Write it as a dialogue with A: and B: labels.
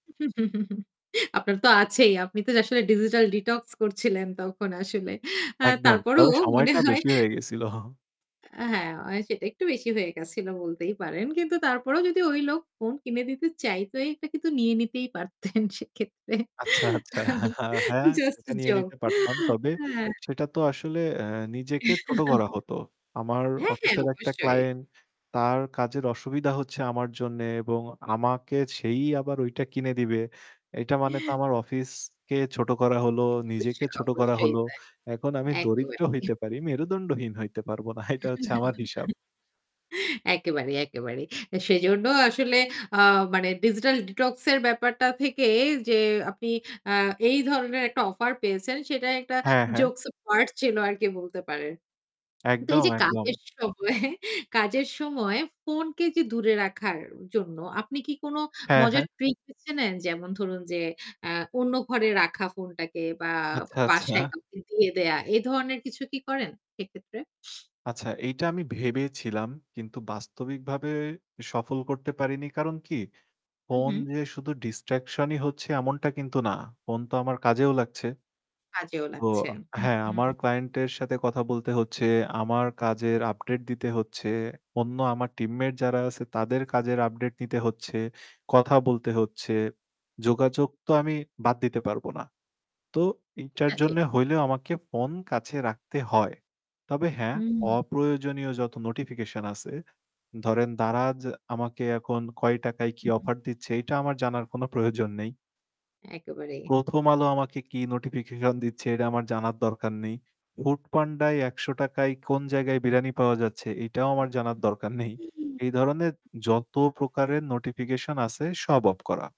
A: আপনার তো আছেই। আপনি তো আসলে ডিজিটাল ডিটক্স করছিলেন তখন আসলে। আ
B: একদম
A: তারপরও
B: তবে
A: মনে
B: সময়টা
A: হয়
B: বেশি হয়ে গেছিলো।
A: আ হ্যাঁ অয় সেটা একটু বেশি হয়ে গেছিলো বলতেই পারেন। কিন্তু তারপরেও যদি ওই লোক ফোন কিনে দিতে চায় তোই এটা কিন্তু নিয়ে নিতেই পারতেন সেক্ষেত্রে।
B: আচ্ছা, আচ্ছা। হ্যাঁ
A: জাস্ট
B: সেটা নিয়ে
A: জোক
B: নিতে পারতাম। তবে
A: হ্যাঁ।
B: সেটা তো আসলে আ নিজেকে ছোট করা হতো। আমার
A: হ্যাঁ, হ্যাঁ
B: অফিসের একটা
A: অবশ্যই।
B: ক্লায়েন্ট তার কাজের অসুবিধা হচ্ছে আমার জন্যে এবং আমাকে সেই আবার ঐটা কিনে দিবে। এইটা মানে তো আমার অফিসকে ছোট করা হলো, নিজেকে
A: অবশ্যই,
B: ছোট করা
A: অবশ্যই
B: হলো।
A: তাই।
B: এখন আমি দরিদ্র
A: একেবারেই।
B: হইতে পারি। মেরুদণ্ডহীন হইতে পারব না। এইটা হচ্ছে আমার হিসাব।
A: একেবারেই, একেবারেই। এ সেজন্য আসলে আ মানে ডিজিটাল ডিটক্স এর ব্যাপারটা থেকে যে আপনি আ এই ধরনের একটা অফার পেয়েছেন সেটাই একটা
B: হ্যাঁ, হ্যাঁ।
A: জোকস পার্ট ছিল আর কি বলতে পারেন। তো এই
B: একদম,
A: যে কাজের
B: একদম।
A: সময় কাজের সময় ফোন কে যে দূরে রাখার জন্য আপনি কি কোনো
B: হ্যাঁ, হ্যাঁ।
A: মজার ট্রিক বেছে নেন? যেমন ধরুন যে আ অন্য ঘরে রাখা ফোনটাকে বা
B: আচ্ছা,
A: বাসায়
B: আচ্ছা।
A: কাউকে দিয়ে দেয়া এ ধরনের কিছু কি করেন সেক্ষেত্রে?
B: আচ্ছা এইটা আমি ভেবে ছিলাম কিন্তু বাস্তবিকভাবে সফল করতে পারিনি। কারণ কি
A: হু,
B: ফোন
A: হু।
B: যে শুধু ডিসট্রাকশনই হচ্ছে এমনটা কিন্তু না। ফোন তো আমার কাজেও লাগছে।
A: কাজেও
B: তো
A: লাগছে। হু,
B: হ্যাঁ আমার
A: হু।
B: ক্লায়েন্টের সাথে কথা বলতে হচ্ছে। আমার কাজের আপডেট দিতে হচ্ছে। অন্য আমার টিমমেট যারা আছে তাদের কাজের আপডেট নিতে হচ্ছে। কথা বলতে হচ্ছে। যোগাযোগ তো আমি বাদ দিতে পারবো না। তো এটার
A: এটা ঠিক।
B: জন্য হইলেও আমাকে ফোন কাছে রাখতে হয়। তবে হ্যাঁ
A: হুম।
B: অপ্রয়োজনীয় যত নোটিফিকেশন আছে, ধরেন Daraz আমাকে এখন কয় টাকায় কি
A: হু।
B: অফার দিচ্ছে এইটা আমার জানার কোনো প্রয়োজন নেই
A: একেবারেই।
B: প্রথম আলো আমাকে কি নোটিফিকেশন দিচ্ছে এটা আমার জানার দরকার নেই। foodpanda য় ৳১০০ য় কোন জায়গায় বিরানি পাওয়া যাচ্ছে এইটাও আমার জানার দরকার নেই। এই ধরনের যত প্রকারের নোটিফিকেশন আছে সব অফ করা।